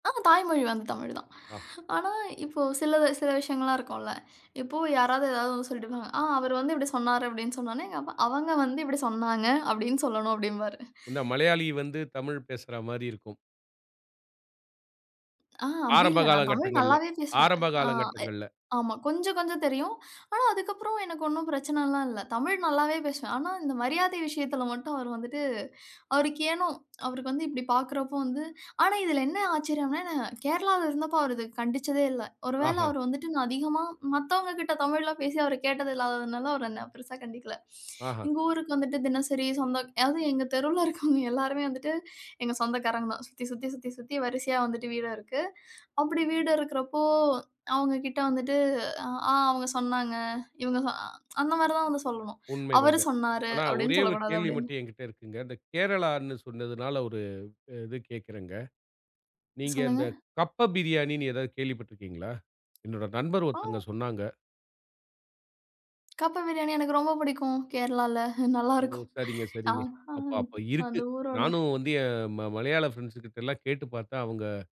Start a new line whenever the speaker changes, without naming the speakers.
ஆமா, தாய்மொழி வந்து தமிழ்தான்.
ஆ.
ஆனா இப்போ சிலது சில விஷயங்கள்லாம் இருக்கும்ல. இப்பவு யாராவது ஏதாவது ஒண்ணு சொல்லிட்டு போவாங்க. ஆ அவரு வந்து இப்படி சொன்னாரு அப்படின்னு சொன்னனோனே, எங்கப்பா, அவங்க வந்து, இப்படி சொன்னாங்க அப்படின்னு சொல்லணும் அப்டிம்பாரு.
இந்த மலையாளி வந்து தமிழ் பேசுற மாதிரி இருக்கும்.
ஆ, அப்படி
ஆரம்ப
இல்ல.
கால
நான் தமிழ்
கட்டங்கள்ல,
நல்லாவே பேசுவேன்.
ஆரம்ப
ஆ
கால
எ
கட்டங்கள்ல.
ஆமா. கொஞ்சம் கொஞ்சம் தெரியும். ஆனா அதுக்கப்புறம் எனக்கு ஒண்ணும் பிரச்சனலாம் இல்ல. தமிழ் நல்லாவே பேசுவேன். ஆனா இந்த மரியாதை விஷயத்துல மட்டும் அவர் வந்துட்டு அவருக்கு ஏனோ, அவருக்கு வந்து இப்படி பார்க்கிறப்போ வந்து, ஆனா இதுல என்ன ஆச்சரியம்னா நான் கேரளால இருந்தப்போ அவர் இத கண்டிச்சதே இல்ல. ஒருவேளை
ஆஹா.
அவர் வந்துட்டு நான் அதிகமா மத்தவங்ககிட்ட தமிழ்ல பேசி அவர் கேட்டது இல்லாததுனால அவர் என்னை பெருசா கண்டிக்கல.
ஆஹா.
எங்க ஊருக்கு வந்துட்டு தினசரி சொந்தம் அதாவது எங்க தெருவுல இருக்கவங்க எல்லாருமே வந்துட்டு எங்க சொந்தக்காரங்க தான். சுத்தி சுத்தி சுத்தி சுத்தி வரிசையா வந்துட்டு வீடு இருக்கு. அப்படி வீடு இருக்கிறப்போ அவங்ககிட்ட வந்துட்டு ஆ அவங்க சொன்னாங்க. இவங்க சொ அந்த மாதிரி தான் வந்து சொல்லணும். அவரு
உண்மைதாங்க.
சொன்னாரு
ஆனா,
அப்படின்னு
ஒரே
சொல்லக்
ஒரு
கூடாது
கேள்வி
அப்படின்னு.
மட்டும் என்கிட்ட இருக்குங்க. அந்தக் கேரளான்னு சொன்னதுனால ஒரு இது கேக்குறேங்க. நீங்க
சொல்லுங்க.
அந்தக் கப்ப பிரியாணின்னு ஏதாவது கேள்விப்பட்டிருக்கீங்களா? என்னோட நண்பர் ஒருத்தங்க
ஆ.
சொன்னாங்க.
கப்ப பிரியாணி எனக்கு ரொம்ப புடிக்கும். கேரளால நல்லா
ஓ!
இருக்கும்.
சரிங்க
ஆ
சரிங்க.
ஆ,
அப்ப அப்ப இருக்கு.
அந்த ஊரோட
நானும் வந்து என் ம மலையாள ஃபிரண்ட்ஸ் கிட்டெல்லாம் கேட்டுப் பார்த்தே அவுங்க